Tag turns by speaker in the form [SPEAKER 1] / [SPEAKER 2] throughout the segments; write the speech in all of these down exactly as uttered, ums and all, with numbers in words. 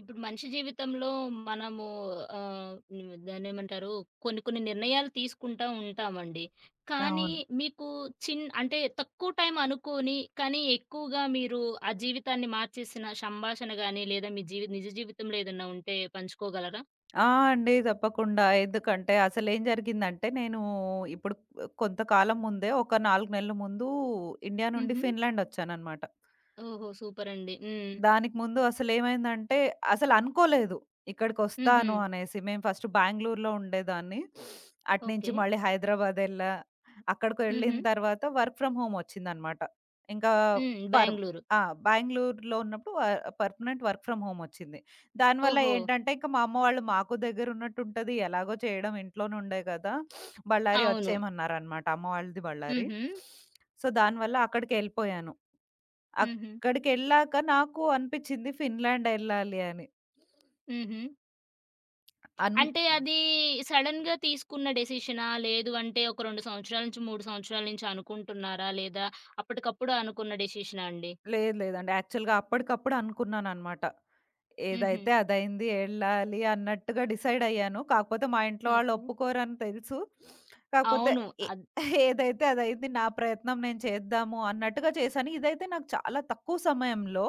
[SPEAKER 1] ఇప్పుడు మనిషి జీవితంలో మనము ఆహ్, హ్మ్. దానేమంటారు కొన్ని కొన్ని నిర్ణయాలు తీసుకుంటా ఉంటామండి. కానీ,
[SPEAKER 2] అవును.
[SPEAKER 1] మీకు చిన్ అంటే తక్కువ టైమ్ అనుకోని కానీ ఎక్కువగా మీరు ఆ జీవితాన్ని మార్చేసిన సంభాషణ గాని లేదా మీ జీవి నిజ జీవితంలో ఏదన్నా ఉంటే పంచుకోగలరా?
[SPEAKER 2] ఆ! అండి తప్పకుండా. ఎందుకంటే అసలేం జరిగిందంటే నేను ఇప్పుడు కొంతకాలం ముందే ఒక నాలుగు నెలల ముందు ఇండియా నుండి
[SPEAKER 1] హుహు.
[SPEAKER 2] ఫిన్లాండ్ ఒచ్చాననమాట.
[SPEAKER 1] ఓహో! సూపర్ అండి. హ్మ్.
[SPEAKER 2] దానికి ముందు అసలేమైందంటే అసలనుకోలేదు. ఇక్కడికొస్తాను
[SPEAKER 1] హుహు.
[SPEAKER 2] అనేసి మేము ఫస్ట్ బాంగుళూరులో ఉండేదాన్ని. అటు నుంచి
[SPEAKER 1] ఓకే.
[SPEAKER 2] మళ్ళీ హైదరాబాదేళ్ళా. అక్కడకు వెళ్ళిన
[SPEAKER 1] హుహు.
[SPEAKER 2] తర్వాత వర్క్ ఫ్రమ్ హోమ్ ఒచ్చిందనమాట. ఇంకా
[SPEAKER 1] హ్మ్.
[SPEAKER 2] పర్
[SPEAKER 1] బాంగుళూరు.
[SPEAKER 2] ఆ! బాంగుళూరులో ఉన్నప్పుడు వ పర్ఫనెంట్ వర్క్ ఫ్రమ్ హోమొచ్చింది. దానివల్ల
[SPEAKER 1] ఓహో!
[SPEAKER 2] ఏంటంటే ఇంక మా అమ్మ వాళ్ళు మాకు దగ్గరున్నట్టుంటది ఎలాగో చేయడం ఇంట్లోనే ఉండే గదా! బళ్ళారి
[SPEAKER 1] అవును.
[SPEAKER 2] ఒచ్చేయమన్నారనమాట అమ్మ వాళ్ళది బళ్ళారి.
[SPEAKER 1] హుహు.
[SPEAKER 2] సో, దానివల్ల అక్కడికేళ్ళిపోయాను.
[SPEAKER 1] హుహు.
[SPEAKER 2] అక్కడికెళ్ళాక నాకు అనిపిచ్చింది ఫిన్లాండ్ ఎళ్ళాలి అని.
[SPEAKER 1] హుహు.
[SPEAKER 2] అన్
[SPEAKER 1] అంటే అది, సడెన్‌గా తీసుకున్న డెసిషనా? లేదు అంటే ఒక రేండు సంవత్సరాల నుంచి మూడు సంవత్సరాల నుంచి అనుకుంటున్నారా? లేదా అప్పటికప్పుడు అనుకున్న డెసిషనాండి?
[SPEAKER 2] లేదు లేదండి. యాక్చువల్‌గా అప్పడికప్పుడనుకున్నాననమాట.
[SPEAKER 1] హుహు.
[SPEAKER 2] ఏదైతే అదైంది ఎళ్ళాలి అన్నట్టుగా డిసైడ్ అయ్యాను కాకపోతే మా ఇంట్లో వాళ్ళు
[SPEAKER 1] ఓకే.
[SPEAKER 2] ఒప్పుకోరని తెలుసు. కాకపోతే
[SPEAKER 1] అవును.
[SPEAKER 2] ఏ
[SPEAKER 1] అద్
[SPEAKER 2] ఏదైతే అదైది నా ప్రయత్నం నేను చేద్దాము అన్నట్టుగా చేసాను. ఇదైతే నాకు చాలా తక్కువ సమయంలో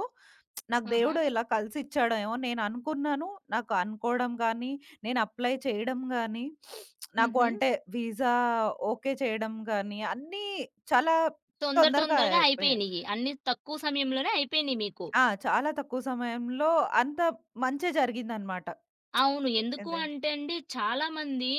[SPEAKER 2] నాకు
[SPEAKER 1] ఆహా!
[SPEAKER 2] దేవుడు ఇలా కలిసి ఇచ్చాడమో నేను అనుకున్నాను. నాకు అనుకోవడం గానీ, నేను అప్లై చేయడం గానీ, నాకు
[SPEAKER 1] హుహు.
[SPEAKER 2] అంటే వీసా ఓకే చేయడం గానీ అన్నీ చాలా
[SPEAKER 1] తొందర
[SPEAKER 2] తొందరగా
[SPEAKER 1] తొందరగా
[SPEAKER 2] అయిపోయా.
[SPEAKER 1] అయిపోయినియ్యి. అన్ని తక్కువ సమయంలోనే అయిపోయినియి మీకు.
[SPEAKER 2] ఆ! చాలా తక్కువ సమయంలో అంత మంచే జరిగిందనమాట.
[SPEAKER 1] అవును.
[SPEAKER 2] ఎ
[SPEAKER 1] ఎందుకు
[SPEAKER 2] అదేం
[SPEAKER 1] అంటే అండి, చాలామంది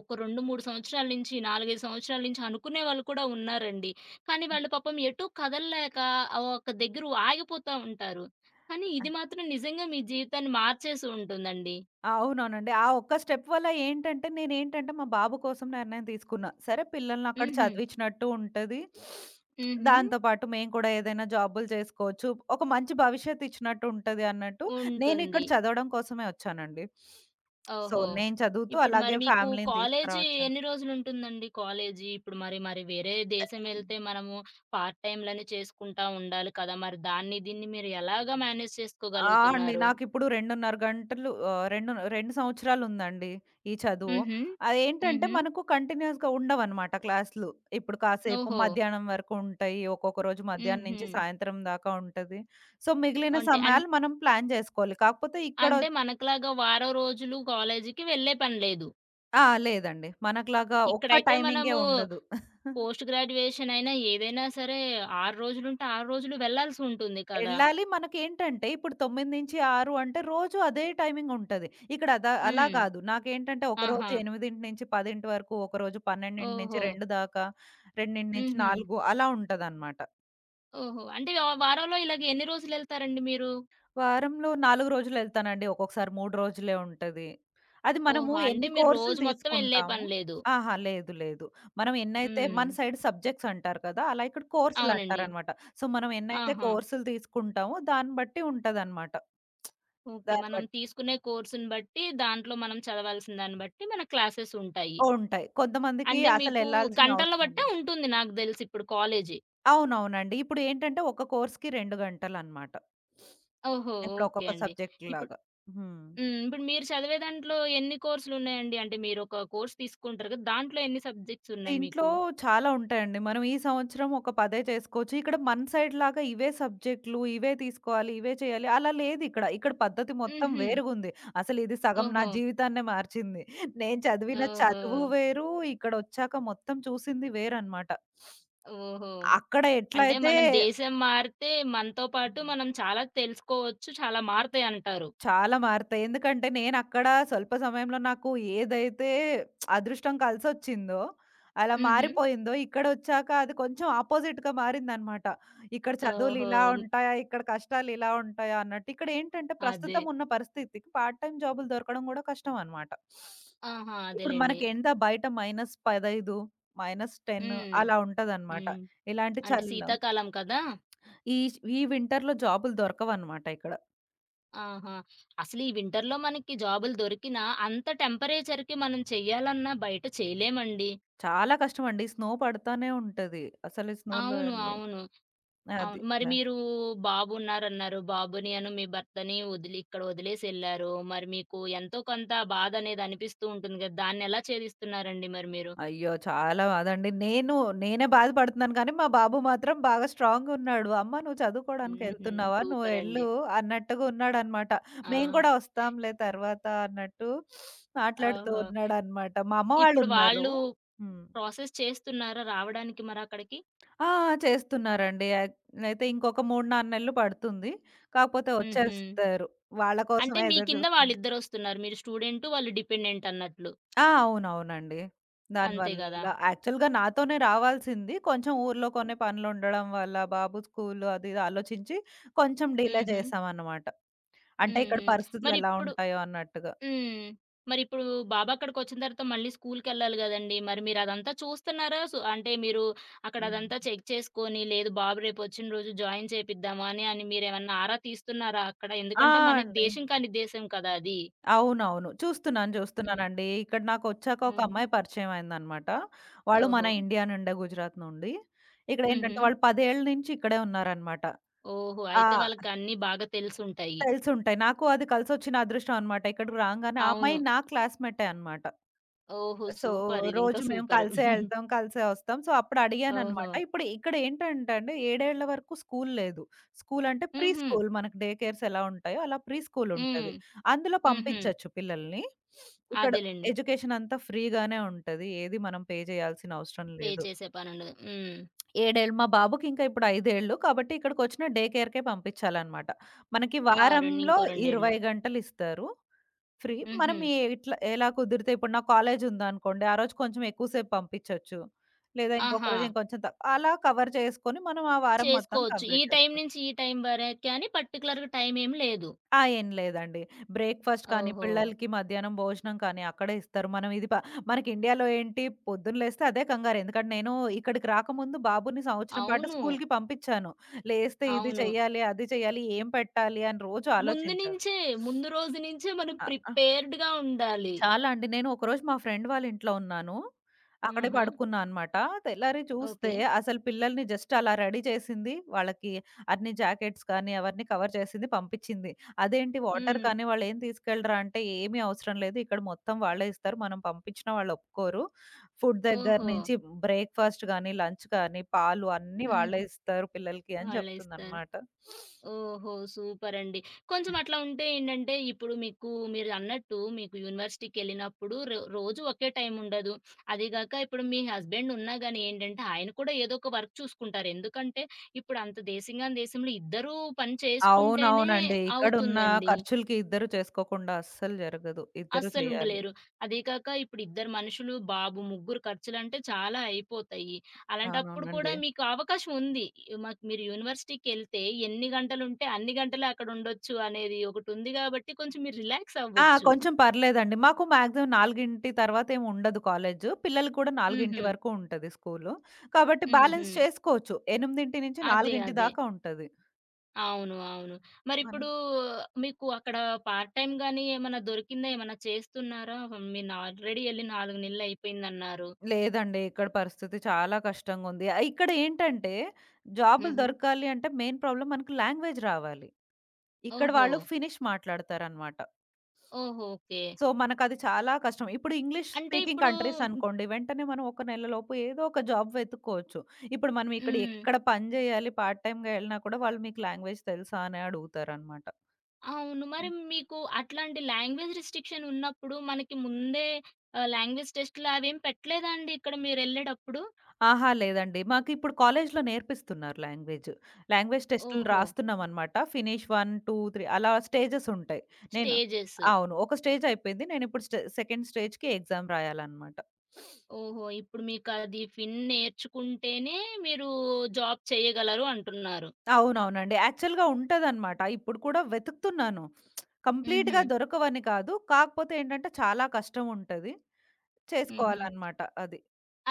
[SPEAKER 1] ఒక రెండు మూడు సంవత్సరాల నుంచి, నాలుగైదు సంవత్సరాల నుంచి అనుకునే వాళ్ళు కూడా ఉన్నారండి. కానీ వాళ్ళు పాపం ఎటు కథలలేక ఆ ఒక్క దగ్గర ఆగిపోతా ఉంటారు. కానీ
[SPEAKER 2] ఆ!
[SPEAKER 1] ఇది మాత్రం నిజంగా మీ జీవితాన్ని మార్చేసుంటుందండి.
[SPEAKER 2] అవునవునండి. ఆ ఒక్క స్టెప్ వల్ల ఏంటంటే, నేనేంటంటే, మా బాబు కోసం నిర్ణయం తీసుకున్నా. సరే పిల్లల్ని అక్కడ
[SPEAKER 1] హుహు.
[SPEAKER 2] చదివించినట్టు ఉంటది.
[SPEAKER 1] హుహు.
[SPEAKER 2] దాంతో పాటు మేము కూడా ఏదైనా జాబులు చేసుకోవచ్చు. ఒక మంచి భవిష్యత్తు ఇచ్చినట్టుంటది అన్నట్టు నేనిక్కడ
[SPEAKER 1] ఉంటుంది.
[SPEAKER 2] చదవడం కోసమే ఒచ్చానండి. సో,
[SPEAKER 1] ఓహో!
[SPEAKER 2] నేను చదువుతూ
[SPEAKER 1] ఇప్పుడు మరి
[SPEAKER 2] అలాగే
[SPEAKER 1] మీకు
[SPEAKER 2] ఫ్యామిలీని
[SPEAKER 1] కాలేజీ
[SPEAKER 2] తీసుకురావచ్చాని.
[SPEAKER 1] ఎన్ని రోజులు ఉంటుందండి? కాలేజీ ఇప్పుడు మరి మరి వేరే
[SPEAKER 2] య
[SPEAKER 1] దేశమేళ్తే మనము పార్ట్ టైములని చేసుకుంటా ఉండాలి కదా! మరి దాన్ని దీన్ని మీరు ఎలాగా మేనేజ్
[SPEAKER 2] ఆ! అండి.
[SPEAKER 1] చేసుకోగలుగుతున్నారు?
[SPEAKER 2] నాకిప్పుడు రెండున్నర గంటలు ఆహ్, రెండు రెండు సంవత్సరాలు ఉందండి. ఈ చదువు.
[SPEAKER 1] హుహు.
[SPEAKER 2] అదేంటంటే,
[SPEAKER 1] హుహు.
[SPEAKER 2] మనకు కంటిన్యూస్‌గా ఉండవనమాట క్లాసులు. ఇప్పుడు కాసేపు
[SPEAKER 1] ఓహో!
[SPEAKER 2] మధ్యాహ్నం వరకు ఉంటాయి ఒక్కొక్క రోజు మధ్యాహ్నం నుంచి
[SPEAKER 1] హుహు.
[SPEAKER 2] సాయంత్రం దాకా ఉంటది. సో, మిగిలిన
[SPEAKER 1] అంటే. అన్
[SPEAKER 2] సమయాలు మనం ప్లాన్ జేసుకోవాలి. కాకపోతే ఇక్కడొ
[SPEAKER 1] అంటే మనకులాగా వారం రోజులు కాలేజీకి వెళ్ళే పని లేదు.
[SPEAKER 2] ఆ! లేదండి. మనకులాగా ఒక్క
[SPEAKER 1] ఇక్కడైతే
[SPEAKER 2] టైమింగే
[SPEAKER 1] మనము
[SPEAKER 2] ఉండదు.
[SPEAKER 1] పోస్ట్ గ్రాడ్యుయేషనైనా ఏదైనా సరే ఆరు రోజులుంటే ఆరు రోజులు వెళ్ళాల్సి ఉంటుంది కదా!
[SPEAKER 2] ఎళ్ళాలి. మనకేంటంటే ఇప్పుడు తొమిది నుంచి ఆరు అంటే రోజు అదే టైమింగుంటది. ఇక్కడ అదా అలా
[SPEAKER 1] హ్మ్.
[SPEAKER 2] కాదు. నాకేంటంటే ఒకరోజు
[SPEAKER 1] ఆహా!
[SPEAKER 2] ఎనిమిదింటి నుంచి పదింటి వరకు ఒకరోజు, పన్నెడింటి నుంచి
[SPEAKER 1] ఓహో!
[SPEAKER 2] రేండు దాకా, రెండింటి నుంచి
[SPEAKER 1] హుహు.
[SPEAKER 2] నాలుగు అలా ఉంటదనమాట.
[SPEAKER 1] ఓహో! అంటే ఒ వారంలో ఇలాగ ఎన్ని రోజులు ఎళ్తారండి మీరు?
[SPEAKER 2] వారంలో నాలుగు రోజులు ఎళ్తానండి. ఒక్కొక్కసారి మూడు రోజులే ఉంటది. అది మనము
[SPEAKER 1] ఓహో! అంటే
[SPEAKER 2] ఎన్ని
[SPEAKER 1] మీరు
[SPEAKER 2] కోర్సులు
[SPEAKER 1] రోజు మొత్తమేళ్ళే
[SPEAKER 2] తీసుకుంటాము?
[SPEAKER 1] పని లేదు.
[SPEAKER 2] ఆహా! లేదు లేదు. మనం ఎన్నైతే మన
[SPEAKER 1] హ్మ్.
[SPEAKER 2] సైడ్ సబ్జెక్ట్స్ అంటారు కదా! అలా ఇక్కడ
[SPEAKER 1] అవునండి.
[SPEAKER 2] కోర్సులటారనమాట. సో, మనం ఎన్నైతే
[SPEAKER 1] ఆహా!
[SPEAKER 2] కోర్సులు తీసుకుంటామో దాన్ని బట్టి ఉంటదనమాట.
[SPEAKER 1] ఓకే.
[SPEAKER 2] దాన్ని
[SPEAKER 1] మనం
[SPEAKER 2] బట్
[SPEAKER 1] తీసుకునే కోర్సుని బట్టి దాంట్లో మనం చదవాల్సిన దాన్ని బట్టి మన క్లాసెసుంటాయి.
[SPEAKER 2] ఉంటాయి. కొంతమందికి
[SPEAKER 1] అంటే మీకు
[SPEAKER 2] అసలేళ్ళాల్సిన
[SPEAKER 1] గంటల్లో
[SPEAKER 2] అవసరం ఉండ
[SPEAKER 1] బట్టే ఉంటుంది నాకు దెలుసి ఇప్పుడు కాలేజీ.
[SPEAKER 2] అవునవునండి. ఇప్పుడు ఏంటంటే ఒక కోర్స్‌కి రెండు గంటలనమాట.
[SPEAKER 1] ఓహో!
[SPEAKER 2] ఇప్పుడు
[SPEAKER 1] ఓకే
[SPEAKER 2] ఒక్కొక్క
[SPEAKER 1] అండి. ఇప్పుడు
[SPEAKER 2] సబ్జెక్ట్‌లాగా. హ్మ్.
[SPEAKER 1] హ్మ్. ఇప్పుడు మీరు చదివే దాంట్లో ఎన్ని కోర్సులున్నాయండి? అంటే మీర ఒక కోర్స్ తీసుకుంటారు గదా! దాంట్లో ఎన్ని సబ్జెక్ట్స్ ఉన్నాయి
[SPEAKER 2] దీంట్లో
[SPEAKER 1] మీకు?
[SPEAKER 2] చాలా ఉంటాయండి. మనం ఈ సంవత్సరం ఒక పదే చేసుకోవచ్చు, ఇక్కడ మన సైడ్‌లాగా ఇవే సబ్జెక్టులు, ఇవే తీసుకోవాలి, ఇవే చేయాలి అలా లేదిక్కడ. ఇక్కడ పద్ధతి మొత్తం
[SPEAKER 1] హుహు.
[SPEAKER 2] వేరుగుంది. అసలిది సగం నా
[SPEAKER 1] ఓహో!
[SPEAKER 2] జీవితాన్నే మార్చింది. నేను చదివిన చదువు
[SPEAKER 1] ఓహో!
[SPEAKER 2] వేరు ఇక్కడొచ్చాక మొత్తం చూసింది వేరనమాట.
[SPEAKER 1] ఓహో!
[SPEAKER 2] అక్కడ
[SPEAKER 1] అంటే
[SPEAKER 2] ఎట్లయితే
[SPEAKER 1] మనం దేశం మారితే మనతో పాటు మనం చాలా తెలుసుకోవచ్చు, చాలా మారుతాయంటారు.
[SPEAKER 2] చాలా మారుతాయి. ఎందుకంటే నేనక్కడ స్వల్ప సమయంలో నాకు ఏదైతే అదృష్టం కల్సొచ్చిందో, అలా
[SPEAKER 1] హుహు.
[SPEAKER 2] మారిపోయిందో ఇక్కడొచ్చాక అది కొంచెం ఆపోజిట్‌గా మారిందనమాట. ఇక్కడ చదువులిలా
[SPEAKER 1] ఓహో!
[SPEAKER 2] ఉంటాయా? ఇక్కడ కష్టాలు ఇలా ఉంటాయా? అన్నట్టు ఇక్కడేంటంటే
[SPEAKER 1] అదే.
[SPEAKER 2] ప్రస్తుతమున్న పరిస్థితికి పార్ట్ టైమ్ జాబులు దొరకడం కూడా కష్టమనమాట.
[SPEAKER 1] ఆహా!
[SPEAKER 2] ఇప్పుడు
[SPEAKER 1] అదేలెండి.
[SPEAKER 2] మనకేందా బయట మైనస్ పదయిదు మైనస్ టెన్
[SPEAKER 1] హ్మ్.
[SPEAKER 2] అలా ఉంటదనమాట
[SPEAKER 1] హ్మ్.
[SPEAKER 2] ఇలాంటి
[SPEAKER 1] అంటే
[SPEAKER 2] చలీలో.
[SPEAKER 1] శీతాకాలం కదా!
[SPEAKER 2] ఈచ్ ఈ వింటర్‌లో జాబులు దొరకవనమాట ఇక్కడ.
[SPEAKER 1] ఆహా! అసలు ఈ వింటర్‌లో మనకి జాబులు దొరికినా అంత టెంపరేచర్‌కి మనం చేయాలన్నా బయట చేయలేమండి.
[SPEAKER 2] చాలా కష్టం అండి. స్నో పడతానే ఉంటది, అసలు స్నోలో
[SPEAKER 1] అవును.
[SPEAKER 2] ఎళ్ళి
[SPEAKER 1] అవును. అవును.
[SPEAKER 2] అది.
[SPEAKER 1] మరి
[SPEAKER 2] బా
[SPEAKER 1] మీరూ బాబున్నారన్నారు, బాబుని అను మీ భర్తని ఒదిలి ఇక్కడొదిలేసెళ్లారు. మరి మీకు ఎంతో కొంత బాధనేది అనిపిస్తూ ఉంటుందిగ దాన్నెలా చేదిస్తున్నారండి మరి మీరు?
[SPEAKER 2] అయ్యో! చాలా బాదండి. నేను నేనే బాధపడతన్నాను కానీ, మా బాబు మాత్రం బాగా స్ట్రాంగ్‌ ఉన్నాడు, "అమ్మ నువ్వు
[SPEAKER 1] హుహు.
[SPEAKER 2] చదువుకోడానికెళ్తున్నావా? నువ్వెళ్ళు"
[SPEAKER 1] సూపరండి.
[SPEAKER 2] అన్నట్టుగా ఉన్నాడనమాట. "మేము
[SPEAKER 1] ఆ!
[SPEAKER 2] గూడా ఒస్తాంలే తర్వాత" అన్నట్టు మాట్లాడుతూ
[SPEAKER 1] ఓహో!
[SPEAKER 2] ఉన్నాడనమాట. మా అమ్మ
[SPEAKER 1] ఇప్పుడు
[SPEAKER 2] వాళ్ళున్నారు
[SPEAKER 1] వాళ్ళు
[SPEAKER 2] హ్మ్.
[SPEAKER 1] ప్రాసెస్ చేస్తున్నారా రావడానికి మరక్కడికి?
[SPEAKER 2] ఆ! ఆ! చేస్తున్నారండి. అయ్ అయితే ఇంకొక మూడ్నాలుగు నెల్లు పడుతుంది, కాపోతే
[SPEAKER 1] హుహు.
[SPEAKER 2] ఒచ్చేస్తారు. వాళ్ళ
[SPEAKER 1] అంటే
[SPEAKER 2] కోసమే
[SPEAKER 1] మీ
[SPEAKER 2] ఎదరు
[SPEAKER 1] కింద
[SPEAKER 2] జూస్తున్న.
[SPEAKER 1] వాళ్ళిద్దరొస్తున్నారు. మీరు స్టూడెంటు, వాళ్ళు డిపెండెంట్ అన్నట్లు.
[SPEAKER 2] ఆ! అవునవునండి.
[SPEAKER 1] అంతే గదా!
[SPEAKER 2] దానివల్ల యాక్చల్‌గా నాతోనే రావాల్సింది, కొంచెం ఊర్లో కొన్ని పనులుండడం వల్ల, బాబు స్కూలు అది ఇది ఆలోచించి, కొంచెం డిలే
[SPEAKER 1] హుహు.
[SPEAKER 2] చేసామనమాట. అంటే ఇక్కడ
[SPEAKER 1] హుహు.
[SPEAKER 2] పరిస్థితులెలా
[SPEAKER 1] మరిప్పుడు
[SPEAKER 2] ఉంటాయో అన్నట్టుగా.
[SPEAKER 1] హ్మ్. మరిప్పుడు బాబక్కడికొచ్చిన తర్వాత మళ్ళీ స్కూల్కెళ్ళాలి గదండీ. మరి మీరదంతా చూస్తున్నారా సు అంటే మీరు అక్కడ అదంతా
[SPEAKER 2] హుహు.
[SPEAKER 1] చెక్ చేసుకొని, లేదు బాబు రేపొచ్చిన రోజు జాయిన్ చేపిద్దామా! అని అని మీరేమన్నా ఆరా తీస్తున్నారా అక్కడ?
[SPEAKER 2] ఆ!
[SPEAKER 1] ఎందుకంటే
[SPEAKER 2] ఆ!
[SPEAKER 1] మనకి
[SPEAKER 2] అండి.
[SPEAKER 1] దేశం కానీ ఉద్దేశం కదా! అది.
[SPEAKER 2] అవునవును, చూస్తున్నాను
[SPEAKER 1] హ్మ్.
[SPEAKER 2] జూస్తున్నానండి. ఇక్కడ నాకొచ్చాక ఒక
[SPEAKER 1] హుహు.
[SPEAKER 2] అమ్మాయి పరిచయంమైందనమాట. వాళ్ళు మన
[SPEAKER 1] ఓహో!
[SPEAKER 2] ఇండియా నుండే గుజరాత్ నుండి. ఇక్కడేంటంటే
[SPEAKER 1] హుహు.
[SPEAKER 2] వాళ్ళు పదేళ్ళ నించి ఇక్కడే ఉన్నారనమాట.
[SPEAKER 1] ఓహో!
[SPEAKER 2] ఆ!
[SPEAKER 1] అయితే వాళ్ళకన్నీ బాగా తెలుసుంటాయి.
[SPEAKER 2] తేలిసుంటాయి. నాకు అది కలిసొచ్చిన అదృష్టం అనమాట. ఇక్కడికి రాంగానే ఆ అమ్మాయి
[SPEAKER 1] అవును.
[SPEAKER 2] నా క్లాస్‌మెట్టే అనమాట.
[SPEAKER 1] ఓహో!
[SPEAKER 2] సో,
[SPEAKER 1] సూపర్ ఇదింకా
[SPEAKER 2] రోజు మేం
[SPEAKER 1] సూపరు.
[SPEAKER 2] కలిసే ఎళ్తాం, కలిసే ఒస్తాం. సో, అప్పుడడిగాననమాట,
[SPEAKER 1] ఓహో!
[SPEAKER 2] ఇప్పుడు ఇక్కడేంటంటే అండి, ఏడేళ్ళ వరకు స్కూలు లేదు, స్కూలు అంటే ప్రీ
[SPEAKER 1] హుహు.
[SPEAKER 2] స్కూల్ మనకు డే కేర్స్ ఎలా ఉంటాయో అలా ప్రీ
[SPEAKER 1] హ్మ్.
[SPEAKER 2] స్కూలుంటది. అందులో
[SPEAKER 1] హుహు.
[SPEAKER 2] పంపించొచ్చు పిల్లలని. ఇక్కడ
[SPEAKER 1] అదేలెండి.
[SPEAKER 2] ఎడ్యుకేషనంతా ఫ్రీగానే ఉంటది. ఏది మనం పే జేయాల్సిన అవసరం
[SPEAKER 1] పే
[SPEAKER 2] లేదు.
[SPEAKER 1] చేసే పనుండదు. హ్మ్.
[SPEAKER 2] ఏడేళ్ళు మా బాబుకి ఇంక ఇప్పుడు ఐదేళ్ళు కాబట్టి, ఇక్కడికొచ్చిన డేకేర్‌కే పంపించాలనమాట. మనకి
[SPEAKER 1] ఆ! రొండు
[SPEAKER 2] వారంలో
[SPEAKER 1] ఇంకో రొండేళ్ళు.
[SPEAKER 2] ఇరవై గంటలిస్తారు, ఫ్రీ. మనం
[SPEAKER 1] హుహు.
[SPEAKER 2] ఈ ఇట్లా ఎలా కుదిరితే ఇప్పుడు నా కాలేజుందనుకోండి, ఆ రోజు కొంచెం ఎక్కువ సేపు పంపించొచ్చు, లేదా ఇంకొక
[SPEAKER 1] ఆహా!
[SPEAKER 2] రోజు ఇంకొంచెం తక్ అలా కవర్ జేసుకొని, మనం ఆ వారం మొత్తం
[SPEAKER 1] చేసుకోచ్చు. ఈ
[SPEAKER 2] కంప్లీట్
[SPEAKER 1] టైం
[SPEAKER 2] చేసుకోవచ్చు.
[SPEAKER 1] నించి ఈ టైం వరకని పర్‌టిక్యులర్‌గా టైమేం లేదు.
[SPEAKER 2] ఆ! ఏం లేదండి. బ్రేక్‌ఫాస్ట్ కానీ,
[SPEAKER 1] ఓహో!
[SPEAKER 2] పిల్లలకి మధ్యాహ్నం భోజనం కానీ అక్కడే ఇస్తారు. మనం ఇది ప మనకి ఇండియాలో ఏంటి పొద్దున లేస్తే అదే కంగారు, ఎందుకంటే నేను ఇక్కడికి రాకముందు బాబుని సంవత్సరం పాటు
[SPEAKER 1] అవును.
[SPEAKER 2] స్కూలుకి పంపించాను, లేస్తే ఇది
[SPEAKER 1] అవును.
[SPEAKER 2] చేయాలి, అది చేయాలి ఏం పెట్టాలి అని రోజు
[SPEAKER 1] ముందు
[SPEAKER 2] ఆలోచించా.
[SPEAKER 1] నించే, ముందు రోజు నించే మనం
[SPEAKER 2] అ ఆ!
[SPEAKER 1] ప్రిపేర్డ్‌గా ఉండాలి.
[SPEAKER 2] చాలా అండి. నేను ఒకరోజు మా ఫ్రెండ్ వాళ్ళింట్లో ఉన్నాను, అక్కడే
[SPEAKER 1] ఆహా!
[SPEAKER 2] పడుకున్నా అనమాట. తెల్లారి చూస్తే
[SPEAKER 1] ఓకే.
[SPEAKER 2] అసలు పిల్లలిని జస్ట్ అలా రెడీ చేసింది, వాళ్ళకి అన్ని జాకెట్స్ కానీ, అవన్నీ కవర్ చేసింది పంపించింది. అదేంటి వాటర్
[SPEAKER 1] హ్మ్.
[SPEAKER 2] కానీ వాళ్ళేం తీసుకెళ్ళరా? అంటే, "ఏమీ అవసరం లేదు, ఇక్కడ మొత్తం వాళ్ళే ఇస్తారు. మనం పంపించిన వాళ్ళొప్పుకోరు. ఫుడ్ దగ్గర
[SPEAKER 1] ఓహో!
[SPEAKER 2] నుంచి బ్రేక్‌ఫాస్ట్ గానీ, లంచ్ కానీ, పాలు అన్నీ
[SPEAKER 1] హుహు.
[SPEAKER 2] వాళ్ళే ఇస్తారు పిల్లలికి" అని
[SPEAKER 1] వాళ్ళే ఇస్తారు.
[SPEAKER 2] జెప్తుందనమాట.
[SPEAKER 1] ఓహో! సూపరండి. కొంచెం అట్లా ఉంటే ఏంటంటే, ఇప్పుడు మీకు మీరన్నట్టు మీకు యూనివర్సిటీకెళ్ళినప్పుడు, రో రోజు ఒకే టైముండదు. అదిగాక ఇప్పుడు మీ హస్బెండున్నా గానీ ఏంటంటే, ఆయన కూడా ఏదో ఒక వర్క్ చూసుకుంటారు. ఎందుకంటే, ఇప్పుడు అంత దేశంగాని దేశంలో ఇద్దరూ పని చేసుకుంటేనే
[SPEAKER 2] అవునవునండి. ఇక్కడున్న
[SPEAKER 1] అవుతుందండి.
[SPEAKER 2] ఖర్చులికి ఇద్దరు చేసుకోకుండా అస్సలు జరగదు. ఇద్దరు జేయాలి.
[SPEAKER 1] అస్సలుండలేరు. అదీ కాక ఇప్పుడిద్దరు మనుషులు, బాబు ముగ్గురు ఖర్చులంటే, చాలా అయిపోతాయి. అలాంటప్పుడు
[SPEAKER 2] అవునవునండి.
[SPEAKER 1] కూడా మీకు అవకాశం ఉంది. మాకు మీరు యూనివర్సిటీకెళ్తే ఎన్ని గంటలుంటే అన్ని గంటలక్కడుండొచ్చు అనేది ఒకటుంది గాబట్టి, కొంచెం మీరు
[SPEAKER 2] ఆ!
[SPEAKER 1] రిలాక్సవ్వచ్చు.
[SPEAKER 2] కొంచెం పర్లేదండి. మాకు మాక్సిమమ్ నాలుగింటి తర్వాతేముండదు కాలేజు. పిల్లల కూడా నాలుగింటి
[SPEAKER 1] హుహు.
[SPEAKER 2] వరకు ఉంటది స్కూలు, కాబట్టి బ్యాలెన్స్
[SPEAKER 1] హుహు.
[SPEAKER 2] చేసుకోచ్చు. ఎనిమిదింటి నుంచి
[SPEAKER 1] అదే.
[SPEAKER 2] నాలుగింటి
[SPEAKER 1] అదే.
[SPEAKER 2] దాకా ఉంటది.
[SPEAKER 1] అవును. అవును.
[SPEAKER 2] మనం
[SPEAKER 1] మరిప్పుడూ మీకు అక్కడ పార్ట్ టైం గానీ, ఏమన్నా దొరికిందా? ఏమన్నా చేస్తున్నారా? మీనాల్రెడేళ్ళి నాలుగు నెలలయిపోయిందన్నారు.
[SPEAKER 2] లేదండి. ఇక్కడ పరిస్థితి చాలా కష్టంగుంది. ఆహ్, ఇక్కడేంటంటే జాబులు
[SPEAKER 1] హుహు.
[SPEAKER 2] దొరకాలి అంటే, మెయిన్ ప్రాబ్లమ్ మనకు లాంగ్వేజ్ రావాలి. ఇక్కడ వాళ్ళు
[SPEAKER 1] ఓహో!
[SPEAKER 2] ఫినిష్ మాట్లాడతారనమాట.
[SPEAKER 1] ఓహో! ఓకే.
[SPEAKER 2] సో, మనకది చాలా కష్టం. ఇప్పుడు ఇంగ్లీష్
[SPEAKER 1] అంటే
[SPEAKER 2] స్పీకింగ్
[SPEAKER 1] ఇప్పుడూ
[SPEAKER 2] కంట్రీసనుకోండి. వెంటనే మనం ఒక నెలలోపు, ఏదోక జాబ్ వెతుక్కోచ్చు. ఇప్పుడు మనం ఇక్కడ
[SPEAKER 1] హ్మ్. హ్మ్.
[SPEAKER 2] ఎక్కడ పని జేయాలి, పార్ట్ టైంగా ఎళ్ళినా కూడా, వాళ్ళు మీకు "లాంగ్వేజ్ తెలుసా" అనే అడుగుతారనమాట.
[SPEAKER 1] అవును. మరి
[SPEAKER 2] హ్మ్.
[SPEAKER 1] మీకు అట్లాంటి లాంగ్వేజ్ రిస్ట్రిక్షనున్నప్పుడు, మనకి ముందే ఆహ్, లాంగ్వేజ్ టెస్టులవేం పెట్టలేదాండిక్కడ మీరెళ్ళేడప్పుడు?
[SPEAKER 2] అహా! లేదండి. మాకిప్పుడు కాలేజులో నేర్పిస్తున్నారు లాంగ్వేజు. లాంగ్వేజ్ టెస్టులు
[SPEAKER 1] ఓహో!
[SPEAKER 2] రాస్తున్నామనమాట. ఫినిష్ 1, 2, 3 అలా స్టేజెసుంటాయి. నేను
[SPEAKER 1] స్టేజెసు.
[SPEAKER 2] అవును. ఒక స్టేజయిపోయింది. నేనిప్పుడు స్టే సెకండ్ స్టేజ్‌కి ఎగ్జామ్ రాయాలనమాట.
[SPEAKER 1] ఓహో! ఇప్పుడు మీకది ఫిన్ నేర్చుకుంటేనే, మీరూ జాబ్ చేయగలరు అంటున్నారు.
[SPEAKER 2] అవునవునండి. యాక్ఛువల్‌గా ఉంటదనమాట. ఇప్పుడు కూడా వెతుకుతున్నాను. కంప్లీట్‌గా
[SPEAKER 1] హుహు.
[SPEAKER 2] దొరకవని కాదు. కాకపోతే ఏంటంటే, చాలా కష్టం ఉంటది.
[SPEAKER 1] హుహు.
[SPEAKER 2] చేసుకోవాలనమాట అది.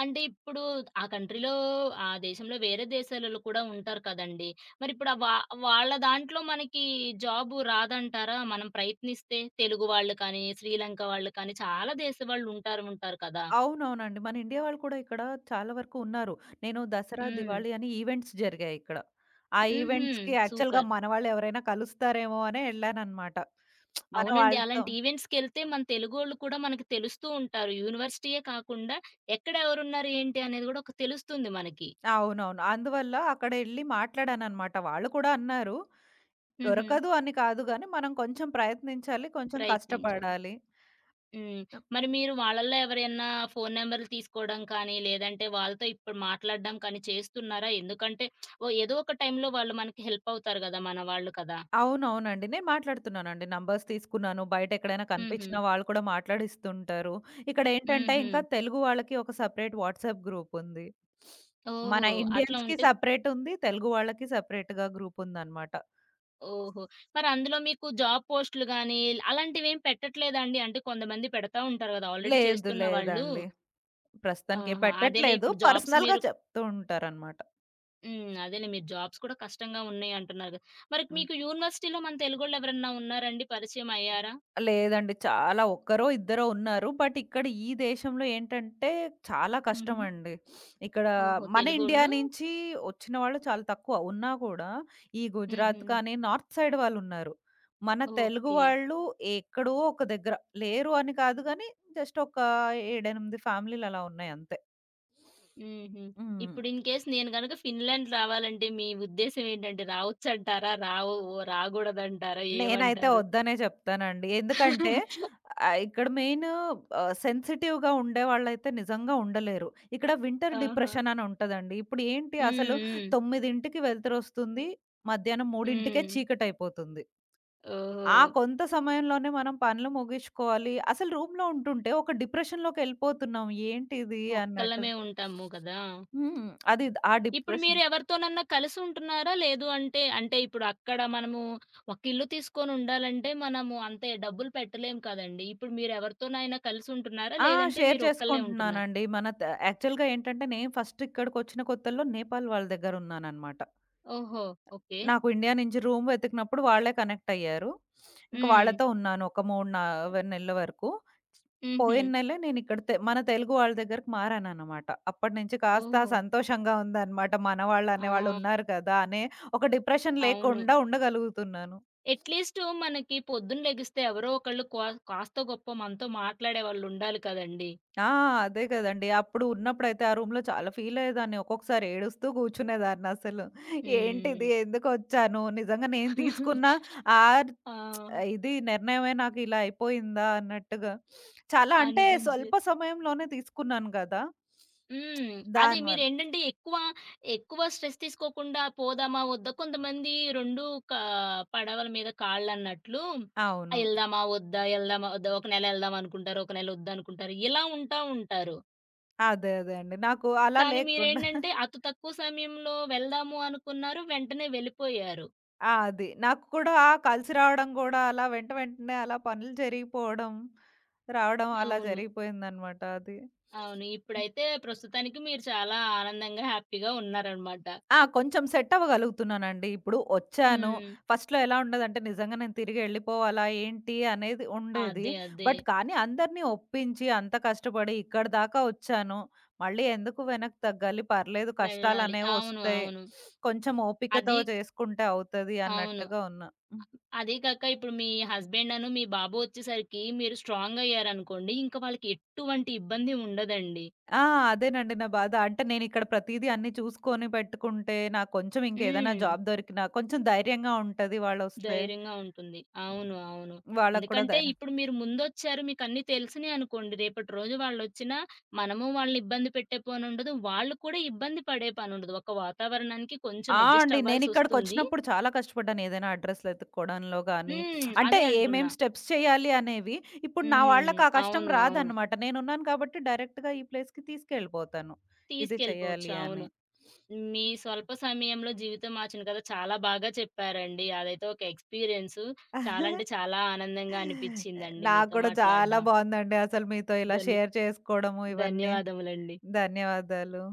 [SPEAKER 1] అంటే ఇప్పుడు ఆ కంట్రీలో, ఆ దేశంలో, వేరే దేశాలోల్లు కూడా ఉంటారు కదండి! మరిప్పుడు ఆ వా వాళ్ళ దాంట్లో మనకి, జాబు రాదంటారా? మనం ప్రయత్నిస్తే తెలుగు వాళ్ళు కానీ, శ్రీలంక వాళ్ళు కానీ, చాలా దేశవాళ్ళుంటారుంటారు కదా!
[SPEAKER 2] అవునవునండి. మన ఇండియా వాళ్ళు కూడా ఇక్కడ, చాలా వరుకు ఉన్నారు. నేను దసరా,
[SPEAKER 1] హ్మ్.
[SPEAKER 2] దివాళి అని ఈవెంట్స్ జరిగాయిక్కడ. ఆ
[SPEAKER 1] హుహు.
[SPEAKER 2] ఈవెంట్స్‌కి యాక్ఛువల్‌గా,
[SPEAKER 1] సూపర్.
[SPEAKER 2] మనవాళ్ళెవరైనా కలుస్తారేమో అనే ఎళ్ళాననమాట. మన
[SPEAKER 1] అవునండి.
[SPEAKER 2] వాళ్ళతో
[SPEAKER 1] అలాంటి ఈవెంట్స్‌కెళ్తే, మన తెలుగోళ్ళు కూడా మనకి తెలుస్తుంటారు. యూనివర్సిటీయే కాకుండా, ఎక్కడెవరున్నారేంటి అనేది గూడా, ఒక తెలుస్తుంది మనకి.
[SPEAKER 2] అవునవును. అందువల్ల అక్కడెళ్ళి మాట్లాడాననమాట. వాళ్ళు కూడ అన్నారు.
[SPEAKER 1] హుహు.
[SPEAKER 2] "దొరకదు అని కాదు గానీ, మనం కొంచెం ప్రయత్నించాలి. కొంచెం
[SPEAKER 1] ప్రయత్నించాలి.
[SPEAKER 2] కష్టపడాలి."
[SPEAKER 1] హ్మ్. మరి మీరు వాళ్ళల్లో ఎవరియన్న ఫోను నెంబరులు తీసుకోవడం కానీ, లేదంటే వాళ్ళతో ఇప్పుడు మాట్లాడడం కానీ, చేస్తున్నారా? ఎందుకంటే ఓ ఏదో ఒక టైంలో, వాళ్ళు మనకి హెల్పవుతారు గదా! మన వాళ్ళు కదా!
[SPEAKER 2] అవునవునండి. నేను మాట్లాడుతున్నానండి. నంబర్స్ తీసుకున్నాను. బయటెక్కడైనా
[SPEAKER 1] హుహు.
[SPEAKER 2] కనిపించినా, వాళ్ళు కూడా మాట్లాడిస్తుంటారు. ఇక్కడేంటంటే, ఇంకా
[SPEAKER 1] హుహు.
[SPEAKER 2] తెలుగు వాళ్ళకి, ఒక సెపరేట్ వాట్సాప్ గ్రూపుంది.
[SPEAKER 1] ఓహో!
[SPEAKER 2] మన
[SPEAKER 1] అట్లా
[SPEAKER 2] ఇండియన్స్‌కి
[SPEAKER 1] ఉంటే
[SPEAKER 2] సెపరేటుంది. తెలుగు వాళ్ళకి సెపరేటుగా గ్రూపుందనమాట.
[SPEAKER 1] ఓహో! మరందులో మీకు జాబ్ పోస్టులు గానీ, అలాంటివేం పెట్టట్లేదాండి? అంటే కొంతమంది పెడతా ఉంటారు గదా! ఆల్రెడీ
[SPEAKER 2] లేదు.
[SPEAKER 1] చేస్తున్న వాళ్ళు.
[SPEAKER 2] లేదండి. ప్రస్తుతానికే
[SPEAKER 1] ఆహా! అదేలే
[SPEAKER 2] పెట్టట్లేదు.
[SPEAKER 1] ఇప్పుడు జాబ్స్
[SPEAKER 2] పర్సనల్‌గా
[SPEAKER 1] మీరు
[SPEAKER 2] చెప్తూ ఉంటారనమాట.
[SPEAKER 1] హ్మ్. అదేలే. మీరు జాబ్స్ కూడా కష్టంగా ఉన్నాయి అంటున్నారు గదా! మరి
[SPEAKER 2] హ్మ్.
[SPEAKER 1] మీకు యూనివర్సిటీలో మన తెలుగోళ్ళెవరైనా ఉన్నారండి? పరిచయం అయ్యారా?
[SPEAKER 2] లేదండి. చాలా ఒక్కరో ఇద్దరో ఉన్నారు. బట్ ఇక్కడ ఈ దేశంలో ఏంటంటే చాలా
[SPEAKER 1] హుహు.
[SPEAKER 2] కష్టమండి. ఇక్కడ
[SPEAKER 1] ఓహో!
[SPEAKER 2] మన ఇండియా
[SPEAKER 1] తెలుగోళ్ళు
[SPEAKER 2] నించి ఒచ్చిన వాళ్ళు చాలా తక్కువ. ఉన్నా కూడా ఈ గుజరాత్
[SPEAKER 1] హుహు.
[SPEAKER 2] కానీ నార్త్ సైడ్ వాళ్ళు ఉన్నారు. మన తెలుగు
[SPEAKER 1] ఓకే.
[SPEAKER 2] వాళ్ళు ఎక్కడో ఒక దగ్గర. లేరు అని కాదు గానీ జస్ట్ ఒక ఏడెనిమిది ఫ్యామిలీలలా ఉన్నాయి అంతే.
[SPEAKER 1] హుహు.
[SPEAKER 2] హ్మ్.
[SPEAKER 1] ఇప్పుడు ఇన్‌కేేస్ నేను గనుక ఫిన్‌లాండ్ రావాలంటే మీ ఉద్దేశ్యం ఏంటంటే రావచ్చంటారా? రావో ఓ రాగూడదంటారా?
[SPEAKER 2] నేనైతే
[SPEAKER 1] ఏవంటారు?
[SPEAKER 2] ఒద్దనే జెప్తానండి. ఎందుకంటే ఆహ్, ఇక్కడ మెయిను ఆహ్, సెన్సిటివ్‌గా ఉండేవాళ్ళైతే నిజంగా ఉండలేరు. ఇక్కడ వింటర్
[SPEAKER 1] ఆహా!
[SPEAKER 2] డిప్రెషన్ అని ఉంటదండి. ఇప్పుడు ఏంటి
[SPEAKER 1] హ్మ్.
[SPEAKER 2] అసలు
[SPEAKER 1] హ్మ్.
[SPEAKER 2] తొమ్మిదింటికి వెలుతురొస్తుంది. మధ్యాహ్నం మూడింటికే
[SPEAKER 1] హ్మ్.
[SPEAKER 2] చీకటయిపోతుంది.
[SPEAKER 1] ఓహ్!
[SPEAKER 2] కొంత సమయంలోనే మనం పనులు ముగిచ్చుకోవాలి. అసలు రూమ్‌లో ఉంటుంటే ఒక డిప్రెషన్‌లోకెళ్ళిపోతున్నాం. ఏంటిది అన్నట్టు.
[SPEAKER 1] ఒక్కళ్ళమే ఉంటాము గదా!
[SPEAKER 2] హ్మ్. అది ఆ
[SPEAKER 1] ఇప్పుడు మీరు
[SPEAKER 2] డిప్రెషన్.
[SPEAKER 1] ఎవరితోనన్నా కలిసుంటున్నారా? లేదు అంటే అంటే, ఇప్పుడు అక్కడ మనము ఒక ఇల్లు తీసుకొని ఉండాలంటే మనము అంత డబ్బులు పెట్టలేం కదండీ! ఇప్పుడు మీరు ఎవరితోనైనా కలిసుంటున్నారా?
[SPEAKER 2] ఆ!
[SPEAKER 1] లేదంటే
[SPEAKER 2] షేర్
[SPEAKER 1] మీరొక్కళ్ళే ఉంటున్నార?
[SPEAKER 2] చేసుకుంటున్నానండి. మన త యాక్చువల్‌గా ఏంటంటే నేను ఫస్ట్ ఇక్కడికొచ్చిన కొత్తల్లో నేపాల్ వాళ్ళ దగ్గర ఉన్నాననమాట.
[SPEAKER 1] ఓహో! ఓకే.
[SPEAKER 2] నాకు ఇండియా నుంచి రూమ్ వెతికినప్పుడు వాళ్ళే కనెక్ట్ అయ్యారు. ఇంక
[SPEAKER 1] హ్మ్.
[SPEAKER 2] వాళ్ళతో ఉన్నాను. ఒక మూడ్ నా వె నెలల వరకు.
[SPEAKER 1] హుహు.
[SPEAKER 2] పోయిన్నెలే నేను ఇక్కడ తె మన తెలుగు వాళ్ళ దగ్గరకి మారాననమాట. అప్పటి నుంచి కాస్త
[SPEAKER 1] ఓహో!
[SPEAKER 2] సంతోషంగా ఉందనమాట. మనవాళ్ళనే
[SPEAKER 1] ఆ!
[SPEAKER 2] వాళ్ళున్నారు కదా! అనే ఒక డిప్రెషన్
[SPEAKER 1] అవును.
[SPEAKER 2] లేకుండా ఉండగలుగుతున్నాను.
[SPEAKER 1] ఎట్‌లీస్టు మనకి పొద్దునలెగిస్తే ఎవరో ఒకళ్ళు కో కాస్త గొప్పో మనతో మాట్లాడేవాళ్ళు ఉండాలి కదండీ!
[SPEAKER 2] ఆ! అదే కదండీ. అప్పుడు ఉన్నప్పుడైతే ఆ రూమ్‌లో చాలా ఫీల్ అయ్యేదాన్ని. ఒక్కొక్కసారి ఏడుస్తూ గూర్చునేదాన్నసలు. ఏంటిది?
[SPEAKER 1] హ్మ్.
[SPEAKER 2] ఎందుకొచ్చాను? నిజంగా నేను తీసుకున్న ఆహ్,
[SPEAKER 1] ఆ!
[SPEAKER 2] ఇది నిర్ణయమే నాకిలా అయిపోయిందా అన్నట్టుగా. చాలా అంటే
[SPEAKER 1] అనిపించి
[SPEAKER 2] స్వల్ప సమయంలోనే తీసుకున్నాను గదా!
[SPEAKER 1] హ్మ్. అదే.
[SPEAKER 2] దానివల్ల.
[SPEAKER 1] మీరేంటంటే ఎక్కువ ఎక్కువ స్ట్రెస్ తీసుకోకుండా పోదామా ఒద్దా కొంతమంది రెండు కా పడవల మీద కాళ్ళన్నట్లు
[SPEAKER 2] అవును.
[SPEAKER 1] ఎళ్దామా ఒద్దా? ఎళ్దామా ఒద్దా? ఒక నెల ఒళ్దాం అనుకుంటారు. ఒక నెలొద్దనుకుంటారు. ఇలా ఉంటా ఉంటారు.
[SPEAKER 2] అదే. అదే అండి. నాకు అలా
[SPEAKER 1] కానీ
[SPEAKER 2] లేకుండా
[SPEAKER 1] మీరేంటంటే అతు తక్కువ సమయంలో వెళ్దాము అనుకున్నారు. వెంటనే వెళ్ళిపోయారు.
[SPEAKER 2] ఆ! అది. నాకు కూడా కలిసి రావడం గూడా అలా వెంట వెంటనే అలా పనులు జరిగిపోడం. రావడం అలా
[SPEAKER 1] అవును.
[SPEAKER 2] జరిగిపోయిందనమాట అది.
[SPEAKER 1] అవును.
[SPEAKER 2] హ్మ్.
[SPEAKER 1] ఇప్పుడైతే ప్రస్తుతానికి మీరు చాలా ఆనందంగా, హ్యాపీగా ఉన్నారనమాట.
[SPEAKER 2] ఆ! కొంచెం సెట్ అవ్వగలుగుతున్నానండి. ఇప్పుడు ఒచ్చాను.
[SPEAKER 1] హ్మ్.
[SPEAKER 2] ఫస్ట్‌లో ఎలా ఉండదంటే నిజంగా నేను తిరిగెళ్ళిపోవాలా ఏంటి అనేది ఉండేది.
[SPEAKER 1] అదే. అదే.
[SPEAKER 2] బట్ కానీ అందరిని ఒప్పించి అంతా కష్టబడి ఇక్కడిదాకా ఒచ్చాను. మళ్ళీ ఎందుకు వెనక్కి తగ్గాలి పర్లేదు
[SPEAKER 1] వెళ్ళాలి. అవును.
[SPEAKER 2] కష్టాలనేవొస్తయి.
[SPEAKER 1] అవును.
[SPEAKER 2] కొంచెం ఓపికతో
[SPEAKER 1] అది
[SPEAKER 2] చేసుకుంటే అవుతది
[SPEAKER 1] అవును.
[SPEAKER 2] అన్నట్టుగా ఉన్నా. హ్మ్.
[SPEAKER 1] అదీగాకా ఇప్పుడు మీ హస్బెండను మీ బాబు ఒచ్చేసరికి మీరు స్ట్రాంగయ్యారనుకోండి. ఇంక వాళ్ళకి ఎట్టువంటి ఇబ్బంది ఉండదండి.
[SPEAKER 2] ఆ! అదేనండి. నా బాధ అంటే నేనిక్కడ ప్రతీదీ అన్నీ చూసుకొని పెట్టుకుంటే నాకు కొంచెం ఇంకేదైనా
[SPEAKER 1] హ్మ్.
[SPEAKER 2] జాబ్ దొరికినా కొంచెం ధైర్యంగా ఉంటది వాళ్ళొస్తే.
[SPEAKER 1] ధైర్యంగా ఉంటుంది. అవును. అవును.
[SPEAKER 2] వాళ్ళకి కూడా
[SPEAKER 1] ఎందుకంటే
[SPEAKER 2] ధైరం
[SPEAKER 1] ఇప్పుడు మీరు ముందొచ్చారు మీకన్నీ తెలుసినయి అనుకోండి రేపటి రోజు వాళ్ళొచ్చినా మనము వాళ్ళని ఇబ్బంది పెట్టే పనుండదు. వాళ్ళు కూడా ఇబ్బంది పడే పనుండదు. ఒక వాతావరణానికి కొంచెం
[SPEAKER 2] ఆ! అండి.
[SPEAKER 1] అడ్‌జస్టవ్వాల్సొస్తుంది.
[SPEAKER 2] నేనిక్కడికొచ్చినప్పుడు చాలా కష్టపడ్డాను. ఏదైనా అడ్రెస్‌లెతుక్కోడంలో గానీ,
[SPEAKER 1] హ్మ్.
[SPEAKER 2] అంటే
[SPEAKER 1] అదే
[SPEAKER 2] ఏమేం
[SPEAKER 1] అంటున్నా.
[SPEAKER 2] స్టెప్స్ చేయాలి అనేవి ఇప్పుడు నా వాళ్ళకి
[SPEAKER 1] హ్మ్.
[SPEAKER 2] ఆ కష్టం
[SPEAKER 1] అవును. అవును.
[SPEAKER 2] రాదన్నమాట. నేనున్నాను కాబట్టి డైరెక్ట్‌గా ఈ ప్లేస్‌కి తీసుకెళ్ళిపోతాను. ఇది
[SPEAKER 1] తీసుకెళ్ళిపోవచ్చు.
[SPEAKER 2] చేయాలి
[SPEAKER 1] అవును.
[SPEAKER 2] అని.
[SPEAKER 1] మీ స్వల్ప సమయంలో జీవితం మార్చిన గథ చాలా బాగా చెప్పారండి. అదైతే ఒక ఎక్స్‌పీరియన్సు. చాలాంటే చాలా ఆనందంగా
[SPEAKER 2] ఎ
[SPEAKER 1] అనిపిచిందండి
[SPEAKER 2] నాకు
[SPEAKER 1] మీతో
[SPEAKER 2] గూడా చాలా
[SPEAKER 1] మాట్లాడ్డం.
[SPEAKER 2] బావుందండి. అసలు మీతో ఇలా
[SPEAKER 1] ధన్ని
[SPEAKER 2] షేర్ చేసుకోడము ఇవన్నీ.
[SPEAKER 1] ధన్యవాదములండి.
[SPEAKER 2] ధన్యవాదాలు.